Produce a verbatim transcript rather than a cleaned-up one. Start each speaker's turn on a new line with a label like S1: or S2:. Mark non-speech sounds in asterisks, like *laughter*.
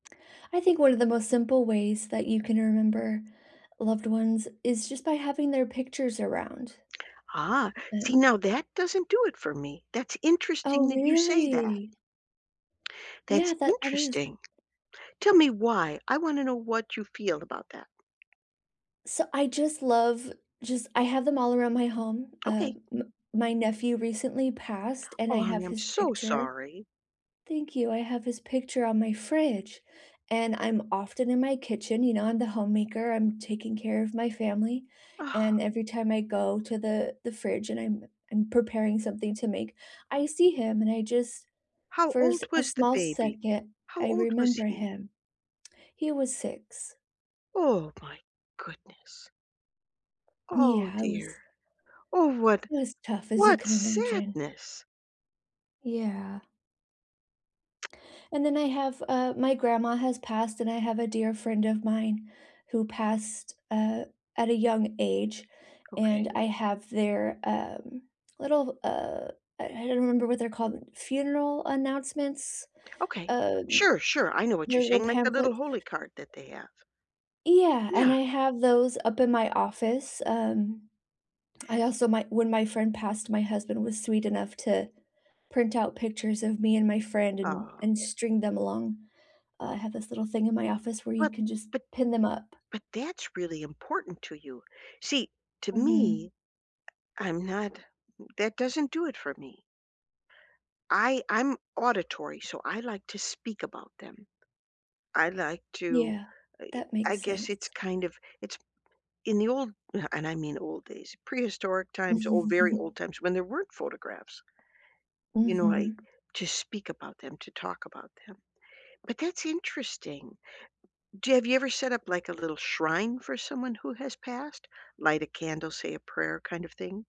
S1: I think one of the most simple ways that you can remember loved ones is just by having their pictures around.
S2: Ah, see,
S1: And
S2: now that doesn't do it for me. That's
S1: Oh,
S2: interesting that you say that.
S1: really?
S2: That's
S1: Yeah, that that is.
S2: interesting. Tell me why. I wanna know what you feel about that.
S1: So I just love, just I have them all around my home. Uh,
S2: Okay.
S1: m my nephew recently passed and I
S2: Oh, honey,
S1: have
S2: I'm
S1: his
S2: so
S1: picture
S2: sorry.
S1: Thank you. I have his picture on my fridge, and I'm often in my kitchen, you know, I'm the homemaker. I'm taking care of my family, and
S2: *sighs*
S1: every time I go to the the fridge and I'm I'm preparing something to make, I see him and I just,
S2: How
S1: for a
S2: old
S1: s
S2: was the
S1: small
S2: baby?
S1: second,
S2: How
S1: I
S2: old was
S1: remember
S2: he?
S1: him. He was six.
S2: Oh, my goodness. Oh,
S1: Yeah, it
S2: dear.
S1: was
S2: Oh, what
S1: it was tough as you
S2: what
S1: can imagine.
S2: sadness.
S1: Yeah. And then I have, uh, my grandma has passed and I have a dear friend of mine who passed, uh, at a young age, and
S2: Okay.
S1: I have their, um, little, uh, I I don't remember what they're called, funeral announcements,
S2: Okay,
S1: um,
S2: sure, sure, I know what you're
S1: those little
S2: saying, like, the little
S1: pamphlets.
S2: holy card that they have.
S1: Yeah, and
S2: Yeah.
S1: I have those up in my office, um, I also my when my friend passed, my husband was sweet enough to print out pictures of me and my friend and
S2: Aw.
S1: and string them along I have this little thing in my office where you
S2: But
S1: can just
S2: but
S1: pin them up.
S2: but that's really important to you. See, to
S1: Mhm.
S2: me, I I'm not that doesn't do it for me. I I'm auditory, so I like to speak about them. I I like to,
S1: Yeah, that
S2: I
S1: makes
S2: guess it's
S1: sense.
S2: kind of, it's in the old, and I mean old days, prehistoric times, ol very old
S1: Mhm.
S2: times when there weren't photographs You know, like,
S1: Mhm.
S2: to speak about them, to talk about them, but that's interesting. Do you have you ever set up like a little shrine for someone who has passed, light a candle, say a prayer kind of thing?